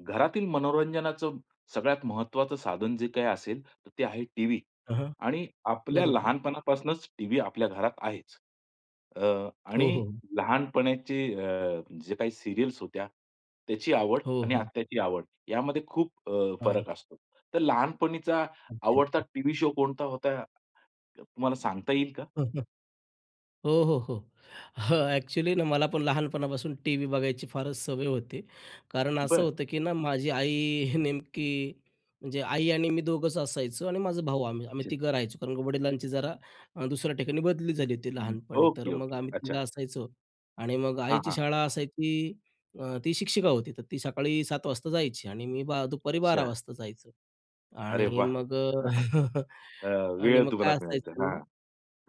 घरातील मनोरंजनाचं सगळ्यात महत्त्वाचं साधन जे काही असेल, तर ते आहे टीव्ही. अ हं. आणि आपल्या बरोबर आहे. लहानपणापासूनच टीव्ही आपल्या घरात आहेच. अ, हो, आणि हो. लहानपणाचे अ, जे काही सीरियल्स होत्या, त्याची आवड हो, आणि हो. आत्ताची आवड, यामध्ये खूप अ, हां. फरक असतो. तर लहानपणीचा आवडता अच्छा. टीव्ही शो कोणता होता, तुम्हाला सांगता येईल का? हो, हो, हो. हं, ॲक्च्युअली ना, मला पण लहानपणापासून टीव्ही बघायची फारच सवय होती. कारण असं बरं. होतं, की ना माझी आई नेमकी, म्हणजे आई आणि मी दोघंच असायचो आणि माझा भाऊ आम्ही. आम्ही अच्छा. तिघं राहायचो. कारण की वडिलांची जरा अ, दुसऱ्या ठिकाणी बदली झाली होती हं, लहानपणी. तर ओके, मग ओके, आम्ही तिघं अच्छा. असायचो आणि मग हां, आईची हां. शाळा असायची. अ, ती शिक्षिका होती. तर ती सकाळी 7:00 वाजता जायची आणि मी बा दुपारी 12:00 अच्छा. वाजता जायचो. अरे आणि वाह! मग अ, अ, आणि वेळ मग तुम्हाला काय मिळायचा असायचं, हां.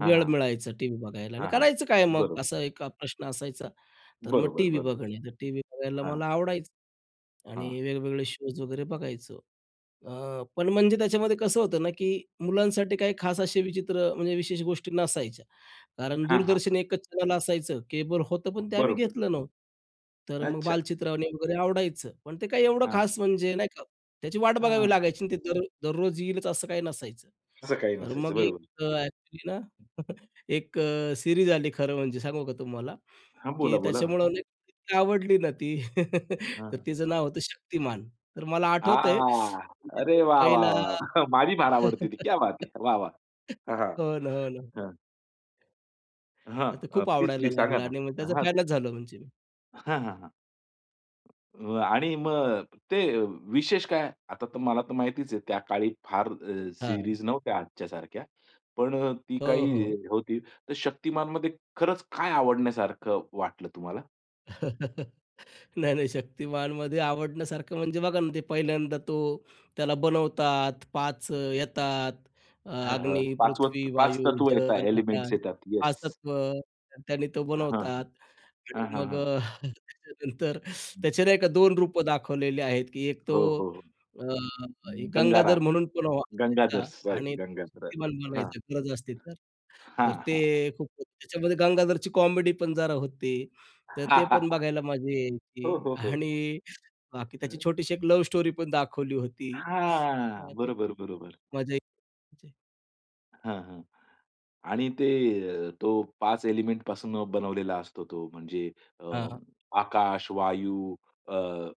हां, वेळ हां. मिळायचा टीव्ही बघायला आणि हां, हां, करायचं काय मग बरोबर. असा एक अ, प्रश्न असायचा. तर मग बरोबर, टीव्ही बरोबर. बघणे. तर टीव्ही बघायला हां. मला आवडायचं हां. आणि वेगवेगळे शोज वगैरे बघायचो. अ, पण म्हणजे त्याच्यामध्ये कसं होतं ना, की मुलांसाठी काही खास असे विचित्र अ, म्हणजे विशेष गोष्टी नसायच्या. कारण हां, हां, दूरदर्शन हां. एकच चॅनल असायचं, केबल होतं पण ते आम्ही बरोबर. घेतलं नव्हतं. तर मग अच्छा. बालचित्रवाणी वगैरे आवडायचं पण ते काय एवढं हां. खास म्हणजे, नाही का, त्याची वाट हां, बघावी हां. लागायची आणि ते दर दररोज येईलच असं काही नसायचं. असं काही तर नसायचं. मग एक बरोबर. अ, ॲक्च्युअली ना, एक अ, सीरीज आली खरं म्हणजे सांगू का तुम्हाला हां, की बोला, बोला ना. त्याच्यामुळं [unintelligible] इतकी आवडली ना ती, हां, तर हां. तिचं नाव होतं शक्तिमान. तर मला आठवतंय आ! म्हणजे अरे, जो वाह! वाह! पहिला वाह! माझी फार आवडते ती, क्या बात है वाह! वाह! हां, हां. हो ना, हो ना. हं. हां, तर अ, खूप प्लीज आवडायला प्लीज सांगा लागला ना. आणि मग त्याचा हां फॅनच झालो म्हणजे मी. हां, हां, हां. अ, आणि मग अ, ते विशेष काय? आता तर तुम्हाला तर माहितीच आहे त्या काळी फार अ, हां. सिरीज नव्हत्या आजच्यासारख्या. पण अ, ती हो, काही हो. होती, तर शक्तिमानमध्ये खरंच काय आवडण्यासारखं वाटलं तुम्हाला? नाही, नाही. शक्तिमानमध्ये आवडण्यासारखं म्हणजे बघा ना, ते पहिल्यांदा तो त्याला बनवतात. 5 येतात. अ, हां, हां, अग्नी, पाचवं पृथ्वी, 5 वायू, तत्व येतात, जल, एलिमेंट्स आकाश. येतात. 5 येस. तत्व, त्याने तो हां, हां. बनवतात हां, आणि हां, मग हां. अ, त्याच्यानंतर हं. त्याचे नाही का 2 रूपं दाखवलेले आहेत, की एक तो हो, हो. अ, अं, गंगाधर गंगाराम. म्हणून पण गंगाधर, व्हायचा सॉरी आणि गंगाधर. शक्तिमान हां. बनायचा गरज असती तर. हां, तर ते हां. खूप त्याच्यामध्ये गंगाधरची कॉमेडी पण जरा होती. तर ते पण बघायला मजा यायची हो, हो, हो. आणि बाकी त्याची हं. छोटीशी एक लव स्टोरी पण दाखवली होती. हां, बरोबर, [unintelligible] बरोबर. मजा यायची. हां, हां. आणि ते, अ, तो 5 एलिमेंटपासून बनवलेला असतो तो म्हणजे अ, हां, हां. आकाश, वायू, अ,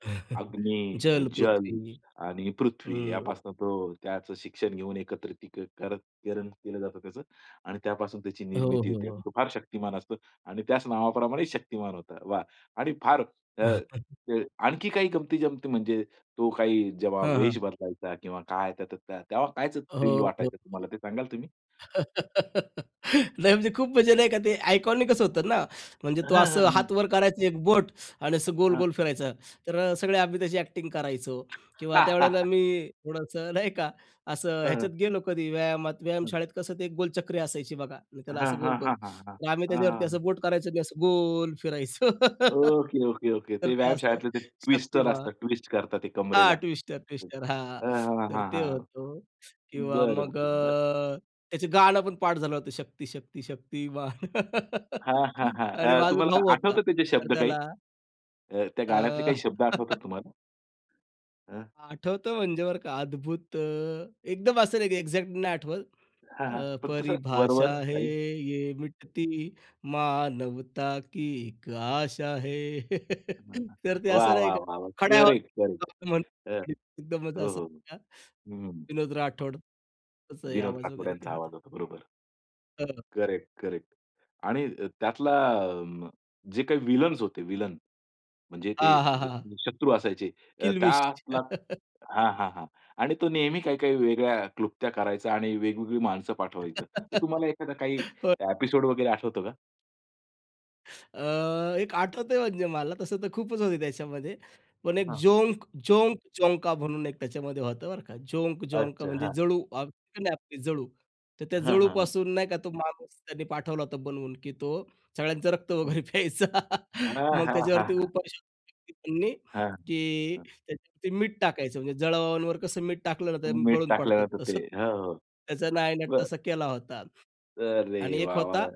अग्नी, अ, जल, जल पृथ्वी. आणि पृथ्वी हं. यापासून तो त्याचं शिक्षण घेऊन एकत्रितीकरण करण केलं जातं त्याचं. आणि त्यापासून त्याची हो, निर्मिती हो, होते आणि हो. तो फार शक्तिमान असतो आणि त्याच नावाप्रमाणे शक्तिमान होता. वा! आणि फार अ, ते आणखी काही गमती-जमती म्हणजे तो काही जेव्हा हां, वेश हां. बदलायचा किंवा काय, त्या तेव्हा कायचं थ्रिल हो. हो. वाटायचं तुम्हाला? ते सांगाल तुम्ही? नाही म्हणजे खूप म्हणजे नाही का ते आयकॉनिकच होतं ना, म्हणजे तो हां, असं हां, हां. हात वर करायची एक बोट आणि असं हां. गोल-गोल फिरायचं. तर अ, सगळे आम्ही त्याची ॲक्टिंग करायचो किंवा त्यावेळेला मी थोडंसं नाही का असं हां, हां. ह्याच्यात गेलो कधी व्यायामात. हं. व्यायामशाळेत कसं ते एक गोलचक्री असायची बघा आणि त्याला हां, असं हां, गोल-गोल. हां, हां. हां, तर आम्ही हां, त्याच्यावरती असं हां. बोट करायचो मी असं गोल फिरायचो. Okay, okay, okay. तर ते ते असं व्यायामशाळेतले ते ट्विस्टर शक्तिमान. असतात. ट्विस्ट करतात ते हां, कंबरेला. ट्विस्टर ट्विस्टर हां. हां, तर हां, ते हां. होतं किंवा बरं, मग बरं, बरं. अ, त्याचे गाणं पण पाठ झालं होतं. शक्ती शक्ती शक्तीमान. हां, हां, हां. अरे अ, माझा तुम्हाला भाऊ होता. आठवतं त्याचे तर शब्द काही? त्याला अ, त्या गाण्यातले काही अ, शब्द आठवतात तुम्हाला? हां. आठवतं म्हणजे बरं का अद्भुत अ, एकदम असं नाही की एक्झॅक्ट नाही आठवत. हां, हां. अ, फक्त असं वर-वर परिभाषा है. काही? ये मिटती मानवता की एक आशा है. तर ते वाह, असं नाही वाह, का वाह, वाह! खड्या करेक्ट करेक्ट. आवाजात अ, [unintelligible] एकदमच हो, अस हो. नही का, हं. विनोद राठोड त्याचं हे विनोद आवाज राठोड वगैरे ते यांचा होतं. आवाज होता. बरोबर. हां, हां. Correct, correct. आणि अ, त्यातला आ, जे काही व्हिलन्स होते, व्हीलन. म्हणजे ते हां, हां, हां, हां शत्रू असायचे. अ, किल्विश. त्यातला हां, हां, हां. आणि तो नेहमी काही-काही वेगळ्या क्लुप्त्या करायचा आणि वेगवेगळी माणसं पाठवायचं. तर तुम्हाला एखादा काही हो. एपिसोड वगैरे आठवतो का? अ, एक आठवतंय म्हणजे मला तसं तर खूपच होते त्याच्यामध्ये पण एक हां. झोंक, झोंक, झोंका म्हणून एक त्याच्यामध्ये होतं बरं का. झोंक, झोंका अच्छा! म्हणजे हां. जळू. आपली जळू तर त्या हां, हां, हां. जळूपासून नाही का तो माणूस त्यांनी पाठवला होता बनवून की तो सगळ्यांचं रक्त हां. वगैरे प्यायचा. अहां, मग हां, हां, त्याच्यावरती हां. उपाय केले त्यांनी हां, की हां. त्याच्यावरती मीठ टाकायचं. म्हणजे जळावांवर कसं मीठ टाकलं ना ते तुम्ही मीठ गळून टाकलं पडतात ना तर, ते तसंच. हो, हो. त्याचा नायनाट बरं तसा केला होता अरे आणि एक वाह, होता वाह!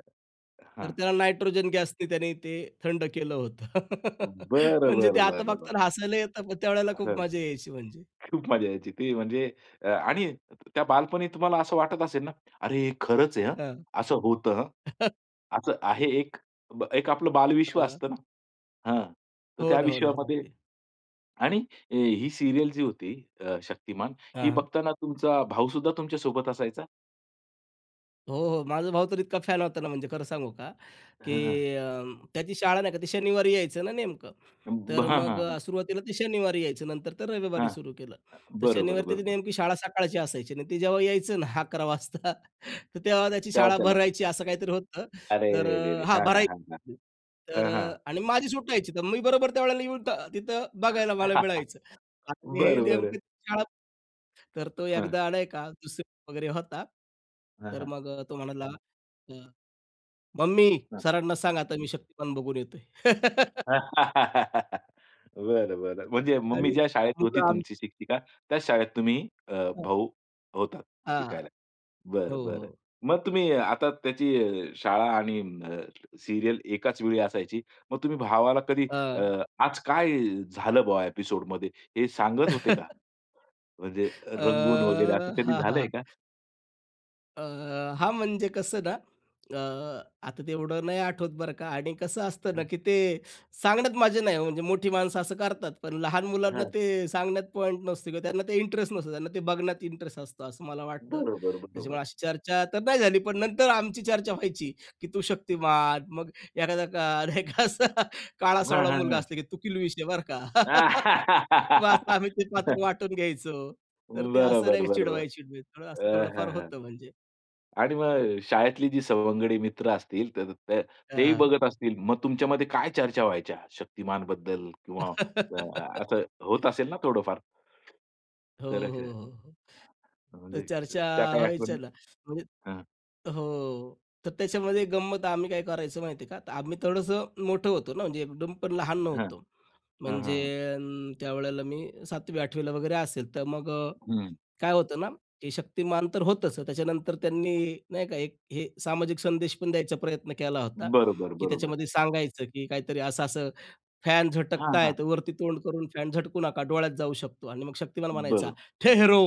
तर हां. त्याला नायट्रोजन गॅसनी त्याने ते थंड केलं होतं. बरं, म्हणजे ते बरं, आता बरं, फक्त बरं. हसायला येतात त्यावेळेला हं, खूप मजा यायची म्हणजे. खूप मजा यायची ती म्हणजे. आणि त्या बालपणी तुम्हाला असं वाटत असेल ना, अरे हे खरंच आहे! हं, हां. असं होतं. असं आहे एक. एक आपलं बालविश्व हां. असतं ना. हां. तर हो त्या ना, हो ना. हो. विश्वामध्ये लागतील. आणि अ, ही सीरियल जी होती अ, शक्तिमान ही हां. बघताना तुमचा भाऊ सुद्धा तुमच्या सोबत असायचा? हो, हो. माझा भाऊ तर इतका फॅन होता ना म्हणजे खरं सांगू का, हां. की अ, त्याची शाळा नाही का ती शनिवारी यायचं ना नेमकं अ, ब तर हां, हां, मग हां. सुरुवातीला ते शनिवारी यायचं नंतर तर रविवारी हां. सुरू केलं. तर बरोबर, शनिवारी त्याची बरोबर. नेमकी शाळा सकाळची असायची आणि ते जेव्हा यायचं ना 11 वाजता तर तेव्हा त्याची तेव्हा शाळा त्याला भरायची असं काहीतरी होतं. अरे तर रे रे रे! हा हां, हां, हां, हां. भरायची तर हां, हां. आणि माझी सुट्टायची तर मी बरोबर त्यावेळेला येऊन तिथं बघायला मला मिळायचं. आणि हे बरं, बरं. नेमकं शाळा तर तो हं. एकदा नाई का, 2रीत वगैरे होता. हां, तर हां. मग तो म्हणाला, "अ, मम्मी हां. सरांना सांग आता मी शक्तिमान बघून येतोय." बरं, बरं. म्हणजे मम्मी आणि ज्या शाळेत होती मुलं आम्ही तुमची शिक्षिका. त्याच शाळेत तुम्ही अ, हां. भाऊ होतात हां. शिकायला. हो, बरं, बरं. हो. मग तुम्ही आता त्याची शाळा आणि अ, सीरियल एकाच वेळी असायची, मग तुम्ही भावाला कधी अ, अ, आज काय झालं ब्वॉ एपिसोड मध्ये, हे सांगत होते का? म्हणजे अ, रंगून वगैरे असं कधी हां, हां, झालंय का? हां. अ, हां. म्हणजे कसं ना, अ, आता तेवढं नाही आठवत बरं का आणि कसं असतं ना हं. की ते सांगण्यात मजा नाही हो, म्हणजे मोठी माणसं असं करतात, पण लहान मुलांना हां. ते सांगण्यात पॉइंट नसतो किंवा त्यांना ते इंटरेस्ट नसतो. त्यांना ते बघण्यात इंटरेस्ट असतो, असं मला वाटतं. बरोबर, बरोबर. त्याच्यामुळे अशी चर्चा तर नाही झाली, पण नंतर आमची चर्चा व्हायची की तू शक्तिमान, मग एखादा का नाही का एक असा हां, काळा-सावळा मुलगा हां, असतो की तु कीलविष आहे बरं का? मग असा हां. आम्ही ते पात्र वाटून घ्यायचो, तर अं, ते असं बरोबर, नाही बरोबर. चिडवा-चिडवी. असं अ, हां, थोडंफार हां. होतं म्हणजे. आणि मग शाळेतली जी सवंगडी मित्र असतील, तर त हां, तेही हां. बघत असतील मग तुमच्यामध्ये काय चर्चा व्हायच्या, शक्तिमानबद्दल? किंवा अ, असं होत असेल ना थोडंफार. हो, खरं, हो, खरं. हो, हो. तर म्हणजे चर्चा त्या काही व्हायच्या आठवणी? ना. म्हणजे हां. हो, हो. तर त्याच्यामध्ये गंमत आम्ही काय करायचचो माहिती आहे का, तर आम्ही थोडंसं मोठं होतो ना, म्हणजे एकदम पण लहान हं, हं, नव्हतो. हं, म्हणजे हं. अ, त्यावेळेला मी 7वी, 8वी ला वगैरे असेल. तर मग हं. काय होतं ना, की शक्तिमान तर होतच, त्याच्यानंतर त्यांनी नाही का एक अ, हे सामाजिक संदेश पण द्यायचा प्रयत्न केला होता, बरोबर, की बरोबर. त्याच्यामध्ये सांगायचं की काहीतरी असं-असं फॅन झटकत हां, आहे, हां. वरती तोंड करून फॅन झटकू नका डोळ्यात जाऊ शकतो आणि मग शक्तिमान म्हणायचा, बरोबर. "ठहरो."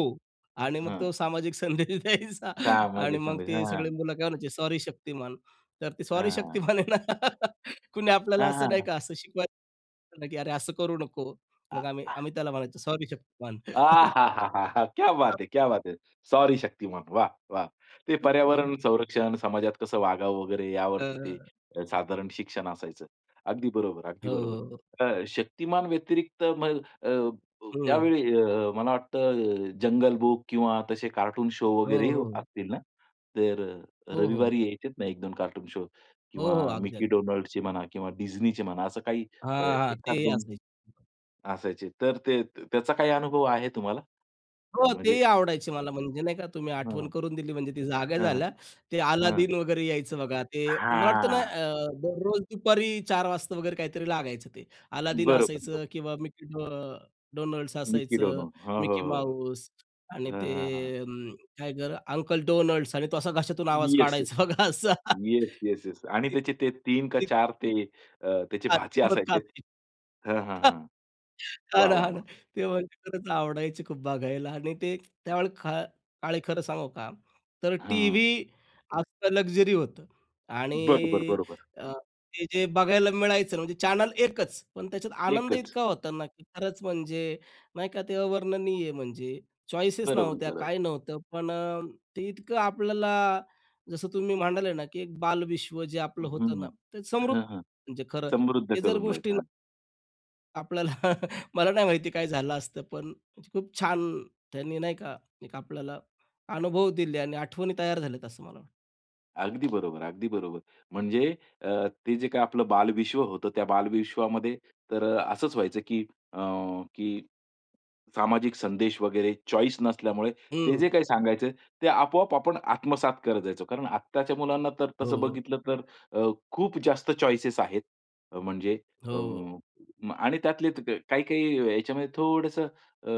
आणि मग हां. तो सामाजिक संदेश द्यायचा आणि मग सामाजिकमध्ये. ते सगळे हां. मुलं काय म्हणायचे, "सॉरी शक्तिमान." तर ते सॉरी हां, हां. शक्तिमान आहे ना, कुणी आपल्याला हां, असं हां, नाही हां. का, असं शिकवायचं की "अरे, असं करू नको." आ, मग आम्ही हां. आम्ही त्याला म्हणायचो, "सॉरी शक्तिमान." तर आहाहाहा! क्या बात है! क्या बात है! सॉरी शक्तिमान. वाह, वाह! ते हो, हो. पर्यावरण संरक्षण, समाजात कसं वागावं वगैरे यावरती अ ते साधारण शिक्षण असायचं. अगदी बरोबर, अगदी हो, बरोबर. हो. अ, शक्तिमान व्यतिरिक्त मग अ, हं. त्यावेळी अ, मला वाटतं अ, जंगल बुक किंवा तसे कार्टून शो हो, वगैरे हो. असतील ना? तर अ, हो, हो. रविवारी यायचेत ना, 1-2 कार्टून शो हो, किंवा हो. अगदी, मिक्की अगदी. डोनाल्डचे म्हणा किंवा डिझनीचे म्हणा असं काही अ, हां, हां. एखाद तेही 2 असायचे. असायचे तर ते त्याचा काय अनुभव आहे तुम्हाला? हो. म्हणजे तेही आवडायचे मला म्हणजे नाही का, तुम्ही आठवण हं. करून दिली म्हणजे ती जागा हं, झाल्या ते हं. हं अलादीन वगैरे यायचं बघा ते मला वाटतं ना, हां. अ, दररोज दुपारी 4:00 वाजता वगैरे काहीतरी लागायचं ते. अलादीन बरोबर, बरो असायचं किंवा मिक्की अ, डो डोनल्ड्स मिक्की असायचं, डोनाल्ड. हो, हो, मिक्की हो. माऊस आणि हां, हां, हां. ते काय ग, अंकल डोनल्ड्स आणि तो असा घशातून आवाज येस, येस. काढायचा बघा असा. Yes, yes, yes. आणि ती त्याचे ते 3 का ती 4 ते अ, त्याचे भाचे असायचे [unintelligible] हां, हां, हां. हां वाह, ना, वाह, हां ना. वाह! ते म्हणजे खरंच आवडायचे खूप बघायला आणि ते त्यावेळी त्या खा काळी खरं सांगू का, तर हां. टीव्ही असं लक्झरी होतं आणि बरोबर, बरोबर. अ, ते जे बघायला मिळायचं म्हणजे चॅनल 1 च. पण त्याच्यात आनंद एकच. इतका होता ना, की खरंच म्हणजे नाही का, ते अवर्णनीय म्हणजे चॉईसेस बरोबर, नव्हत्या, बरोबर. काही नव्हतं. पण ते इतकं आपल्याला जसं तुम्ही म्हणाले ना, की एक बालविश्व जे हं, आपलं होतं ना, हं. ते समृद्ध हां, हां. [unintelligible] म्हणजे खरं समृद्ध हे जर करून गोष्टी जायचं. ना हां. आपल्याला मला नाही माहिती काय झालं असतं पण म्हणजे खूप छान त्यांनी नाही का एक आपल्याला अनुभव दिले आणि आठवणी तयार झाल्यात असं मला वाटतं. अगदी बरोबर, अगदी बरोबर. म्हणजे अ, ते जे काही आपलं बालविश्व होतं. त्या बालविश्वामध्ये तर असचं व्हायचं की अ, की, सामाजिक संदेश वगैरे चॉइस नसल्यामुळे ते हं. जे काही सांगायचे ते आपोआप आपण आत्मसात करत जायचो. कारण आत्ताच्या मुलांना तर हो, तसं हो. बघितलं तर अ, खूप जास्त चॉइसेस आहेत म्हणजे अ, हो. म आणि त्यातले काही, काही याच्यामध्ये थोडंसं अ,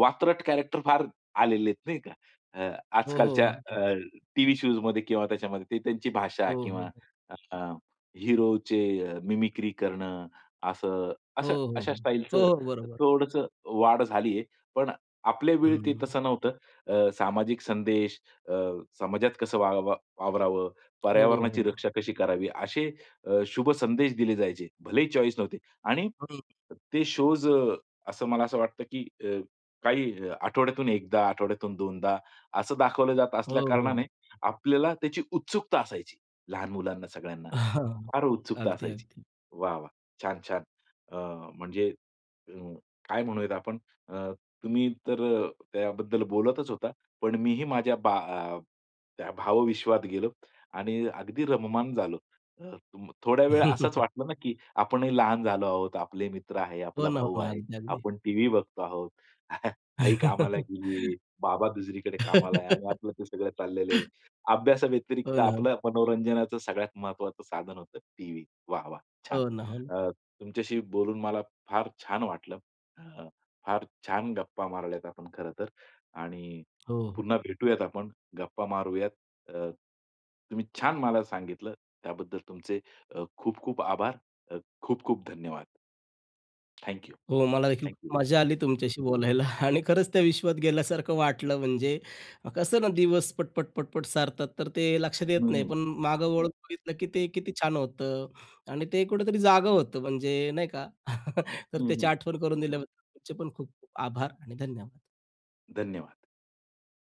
वातरतट कॅरेक्टर फार आलेले आहेत नाही का. अ, हो, हो. आजकालच्या अ, अगदीचं. टीव्ही शोज मध्ये किंवा त्याच्यामध्ये, ते त्यांची भाषा हो, हो, किंवा हो. अ, हीरोचे अ, मिमिक्री करणं असं हो, असं हो, अशा हो, स्टाईलचं हो, हो, बरोबर. थोडंसं वाढ झाली आहे. पण आपल्या वेळी ते हं. तसं नव्हतं. अ, सामाजिक संदेश अ, समाजात कसं वाव वावरावं? हो, पर्यावरणाची हो. रक्षा कशी करावी? असे अ, शुभ संदेश दिले जायचे भलेही चॉइस नव्हती आणि हं. ते शोज अ, असं मला असं वाटतं की अ, काही आठवड्यातून एकदा आठवड्यातून दोनदा असं दाखवलं जात हो, असल्या कारणाने हो. आपल्याला त्याची उत्सुकता असायची. लहान मुलांना सगळ्यांना. फार उत्सुकता अगदी, असायची. अगदी. वाह! वाह! छान छान. अ, म्हणजे अ, काय म्हणूयात आपण? अ, तुम्ही तर त्याबद्दल बोलतचं होता. पण मीही माझ्या बा त्या भावविश्वात गेलो आणि अगदी रममाण झालो. अ, तुम थोड्या वेळ असंच वाटलं ना, की आपणही लहान झालो आहोत, आपले मित्र आहे, हो आपला ना, हो भाऊ ना, आहे, अगदी, अगदी. आपण टीव्ही बघतो आहोत, आई कामाला गेली आहे, बाबा दुसरीकडे कामाला आहे आणि आपलं ते सगळं चाललेलं आहे. हो अभ्यासाव्यतिरिक्त ना. आपलं मनोरंजनाचं सगळ्यात महत्त्वाचं साधन होतं टीव्ही. वाह! वाह! छान! हो ना. हो ना. अ, तुमच्याशी बोलून मला फार छान वाटलं. अ, फार छान गप्पा मारल्यात आपण खरं तर आणि हो. पुन्हा भेटूयात आपण, गप्पा मारूयात. अ, तुम्ही छान मला सांगितलं त्याबद्दल तुमचे अ, खूप-खूप आभार. अ, खूप-खूप धन्यवाद. Thank you. हो, मला देखील थैंक खूप यू. मजा आली तुमच्याशी बोलायला आणि खरचं त्या विश्वात गेल्यासारखं वाटलं. म्हणजे कसं ना, दिवस पट-पट, पट-पट सरतात. तर ते लक्षात हं, येत नाही. हं, पण मागं हं. वळून बघितलं, की ते किती छान होतं आणि ते कुठेतरी जागं होतं म्हणजे नाही का. तर हं, त्याची हं. आठवण करून दिल्याबद्दल तुमचे पण खूप-खूप आभार आणि धन्यवाद. धन्यवाद.